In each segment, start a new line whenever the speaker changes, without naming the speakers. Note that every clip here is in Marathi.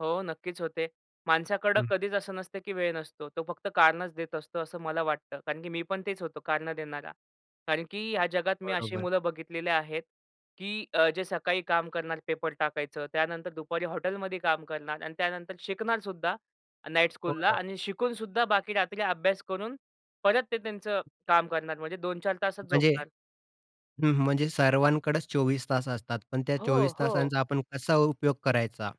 हो, नक्कीच होते. माणसाकडं
हं.
कधीच असं नसतं, की वेळ नसतो. तो फक्त कारणच देत असतो, असं मला वाटतं. कारण की मी पण तेच होतो कारणं देणारा. कारण की ह्या जगात मी अशी
बरोबर.
मुलं बघितलेली आहेत, की अ, जे सकाळी काम करणार, पेपर टाकायचं. त्यानंतर दुपारी हॉटेलमध्ये काम करणार आणि त्यानंतर शिकणारसुद्धा नाईट
हो
स्कूलला
ना.
आणि शिकूनसुद्धा बाकी रात्री अभ्यास करून परत ते त्यांचं काम करणार म्हणजे 2-4 तासच
म्हणजे
झोपणार.
हं, म्हणजे सर्वांकडेच 24 तास असतात, पण त्या
हो,
24
हो.
तासांचा आपण कसा उपयोग करायचा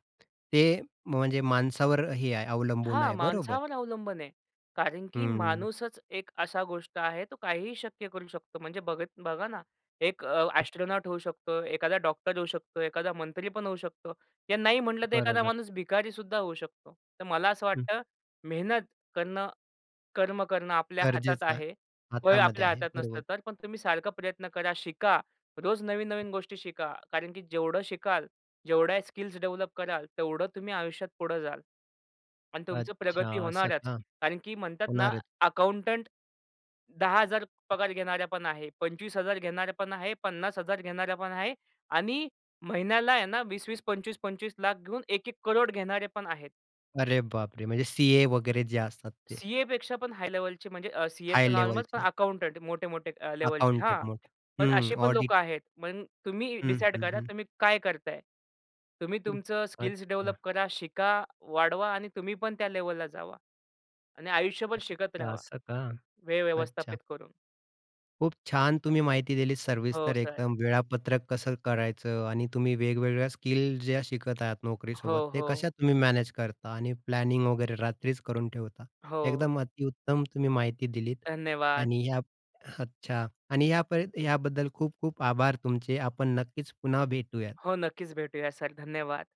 ते म्हणजे माणसावर हे आहे अवलंबून
हां,
आहे. बरोबर.
माणसावर अवलंबून आहे. कारण की
हं.
माणूसच एक असा गोष्ट आहे तो काहीही शक्य करू शकतो. म्हणजे बघत बघा ना. एक अ, एस्ट्रोनॉट होऊ शकतो. एखादा डॉक्टर होऊ शकतो, एखादा मंत्री पण होऊ शकतो. या नाही म्हटलं तर एखादा
बरोबर.
माणूस भिकारीसुद्धा होऊ शकतो. तर मला असं
हं.
वाटतं मेहनत करणं, कर्म करणं आपल्या हातात
गरजेचं आहे.
आहे. वय
हातामध्ये
आपल्या
आहे.
हातात नसतं.
बरोबर.
तर पण तुम्ही सारखा प्रयत्न करा, शिका. रोज नवीन-नवीन गोष्टी शिका कारण की जेवढं शिकाल, जेवढ्या स्किल्स डेव्हलप कराल, तेवढं तुम्ही आयुष्यात पुढं जाल. आणि तुमचं
अच्छा,
प्रगती
असं
होणारच
का?
कारण की म्हणतात ना,
होणार आहेत.
अकाउंटंट 10,000 पगार घेणारा पण आहे. 25,000 घेणारा पण आहे. 50,000 घेणारा पण आहे. आणि महिन्याला आहे ना, 20-20, 25-25 लाख घेऊन 1-1 करोड घेणारे पण आहेत.
अरे बापरे! म्हणजे सी-ए वगैरे जे असतात ते.
सी-एपेक्षा पण हाय लेव्हलचे म्हणजे अ, सी-ए
हाय
तर नॉर्मल
लेव्हलचे.
अकाउंटंट. मोठे मोठे अ, लेव्हलचे.
अकाउंटंट
हां.
मोठे,
पण
हं.
अशी पण लोक
ऑडिट.
आहेत. मग तुम्ही
हं,
डिसाईड
हं.
करा.
हं.
तुम्ही काय करताय? तुम्ही
हं,
तुमचं स्किल्स डेव्हलप
अच्छा.
करा, शिका, वाढवा आणि तुम्ही पण त्या लेव्हलला जावा. आणि आयुष्यभर शिकत रहावा,
असं का?
वेळ
अच्छा.
व्यवस्थापित करून.
खूप छान तुम्ही माहिती दिलीत
हो,
सविस्तर
सर.
एकदम. वेळापत्रक कसं करायचं. आणि तुम्ही वेगवेगळ्या स्किल ज्या शिकत आहात नोकरीसोबत
हो,
ते कशा
हो.
तुम्ही मॅनेज करता आणि प्लॅनिंग वगैरे रात्रीच करून ठेवता.
हो.
एकदम अतिउत्तम तुम्ही माहिती दिलीत
धन्यवाद.
आणि ह्या, अच्छा. आणि ह्या पर याबद्दल खूप खूप आभार तुमचे. आपण नक्कीच पुन्हा भेटूयात.
हो, नक्कीच भेटूया सर. धन्यवाद.